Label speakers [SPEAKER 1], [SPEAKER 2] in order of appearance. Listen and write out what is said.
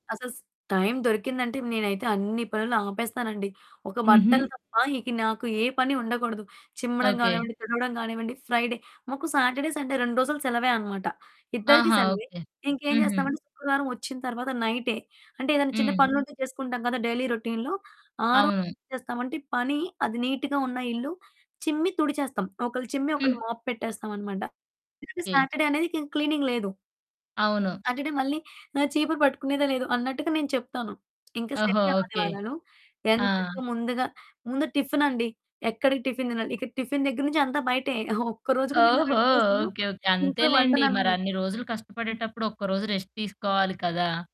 [SPEAKER 1] అసస్ time దొరికిందంటే నేనైతే అన్ని పనులు ఆపేస్తానండి. ఒక
[SPEAKER 2] హుహు.
[SPEAKER 1] బట్టలు తప్ప ఇక నాకు ఏ పని ఉండకూడదు. చిమ్మడం
[SPEAKER 2] ఓకే.
[SPEAKER 1] గానివ్వండి, తుడవడం గానివ్వండి, ఫ్రైడే మాకు సాటర్డే, సండే 2 రోజులు సెలవే అనమాట. ఇద్దరికీ
[SPEAKER 2] ఆహా!
[SPEAKER 1] సెలవే.
[SPEAKER 2] ఓకే.
[SPEAKER 1] ఇంకేం
[SPEAKER 2] హుహు.
[SPEAKER 1] చేస్తామంటే, శుక్రవారం ఒచ్చిన తర్వాత నైటే, అంటే ఏదన్నా చిన్న
[SPEAKER 2] హ్మ్.
[SPEAKER 1] పనులుంటే చేసుకుంటాం కదా! డైలీ రొటీన్‌లో. ఆ రోజేం
[SPEAKER 2] అవును.
[SPEAKER 1] చేస్తామంటే పని అది నీట్‌గా ఉన్న ఇల్లు చిమ్మి తుడిచేస్తాం. ఒకళ్ళు చిమ్మి, ఒకళ్ళు
[SPEAKER 2] హ్మ్.
[SPEAKER 1] మోప్ పెట్టేస్తామనమాట. ఎందుకంటే,
[SPEAKER 2] ఓకె.
[SPEAKER 1] సాటర్డే అనేదిక ఇంక క్లీనింగ్ లేదు.
[SPEAKER 2] అవును.
[SPEAKER 1] సాటర్డే మళ్ళీ ఆహ్, చీపురు పట్టుకునేదే లేదు అన్నట్టుగా నేను చెప్తాను. ఇంకా
[SPEAKER 2] ఓహో!
[SPEAKER 1] శని,
[SPEAKER 2] ఓకే.
[SPEAKER 1] ఆదివారాలు ఎంచక్క
[SPEAKER 2] ఆ!
[SPEAKER 1] ముందుగా ముందు టిఫినండి. ఎక్కడిక టిఫిన్ తినాలి. ఇక్కడ టిఫిన్ దగ్గర నుంచి అంతా బయటే. ఒక్కరోజు కూడా నేనా ఆ
[SPEAKER 2] ఓహో!
[SPEAKER 1] 2 రోజులు
[SPEAKER 2] ఓకే, ఓకే
[SPEAKER 1] ఇంట్లో
[SPEAKER 2] అంతేలెండి.
[SPEAKER 1] వండననమాట.
[SPEAKER 2] మరన్ని రోజులు కష్టపడేటప్పుడు ఒక్కరోజు రెస్ట్ తీసుకోవాలి కదా!